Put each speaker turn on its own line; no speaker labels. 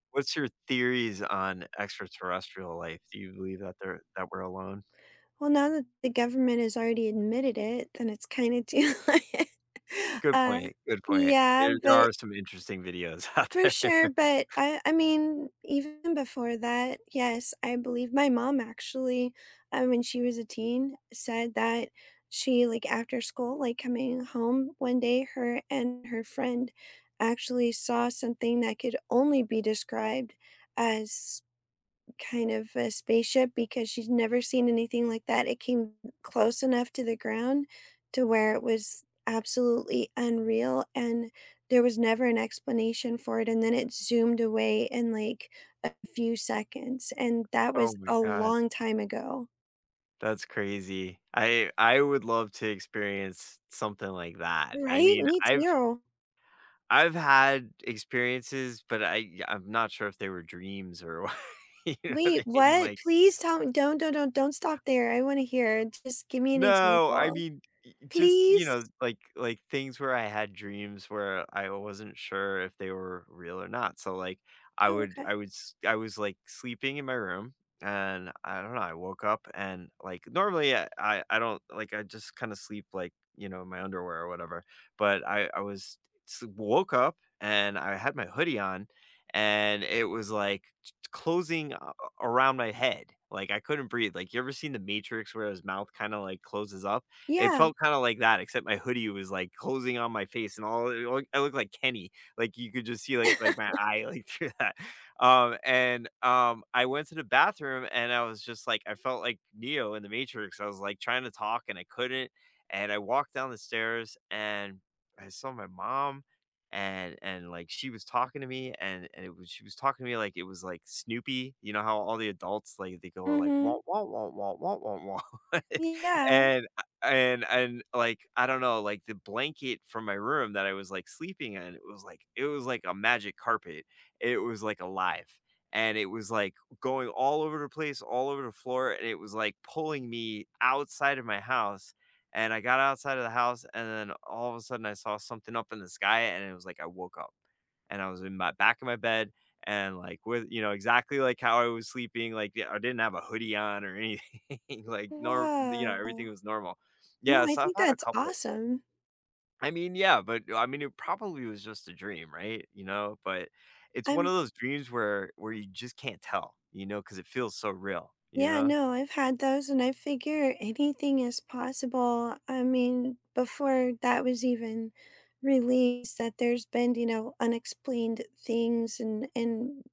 What's your theories on extraterrestrial life? Do you believe that they're that we're alone?
Well, now that the government has already admitted it, then it's kinda do, like
Good
uh,
point. Good point.
yeah,
There there
but
are some interesting videos out
For
there.
sure, but I I mean, even before that, yes, I believe my mom actually, I mean, she was a teen, said that she, like, after school, like, coming home one day, her and her friend actually saw something that could only be described as kind of a spaceship because she's never seen anything like that. It came close enough to the ground to where it was absolutely unreal and there was never an explanation for it, and then it zoomed away in, like, a few seconds. And that
Oh
was
my
a
god.
long time ago.
That's crazy. I I would love to experience something like that. I
Right?
mean,
Me
I've
too.
I've had experiences, but I I'm not sure if they were dreams or wha You know what
Wait,
I mean?
what?
Like
Please tell me, don't don't don't don't stop there, I wanna hear. Just give me an
No, I
example.
mean, y y just, you
Please?
know, like like, things where I had dreams where I wasn't sure if they were real or not, so, like, I
Oh,
would
okay.
I would s I was like sleeping in my room and I don't know, I woke up and like normally I I don't like I just kind of sleep like, you know, in my underwear or whatever but I I was s woke up and I had my hoodie on and it was, like, t t closing a a around my head. Like, I couldn't breathe. Like, you ever seen The Matrix where his mouth kinda, like, closes up? It
Yeah.
felt kinda like that, except my hoodie was, like, closing on my face and all, I i I looked like Kenny. Like, you could just see, like like, my eye, like, through that. Um, and, um, I went to the bathroom, and I was just like I felt like Neo in The Matrix. I was, like, trying to talk, and I couldn't. And I walked down the stairs, and I saw my mom. And and, like, she was talking to me, and and it was she was talking to me like it was, like, Snoopy. You know how all the adults like they go like,
Mhm.
"Womp, womp, womp, womp, womp, womp,"
Yeah.
And I and and like I don't know like the blanket from my room that I was like sleeping in, it was like it was like a magic carpet. It was like alive. And it was like going all over the place, all over the floor, and it was like pulling me outside of my house, and I got outside of the house, and then all of a sudden I saw something up in the sky, and it was like I woke up. And I was in my back of my bed and like with you know, exactly like how I was sleeping, like I didn't have a hoodie on or anything like nor you know, everything
Wow.
was normal.
Well,
Yeah,
I
so I've
think
had a
that's
couple.
awesome.
I mean, yeah, but I mean, it probably was just a dream. Right? You know? But it's one
I'm
of those dreams where where you just can't tell, you know, 'cause it feels so real. You
Yeah,
know?
no, I've had those, and I figure anything is possible. I mean, before that was even released that there's been, you know, unexplained things, and and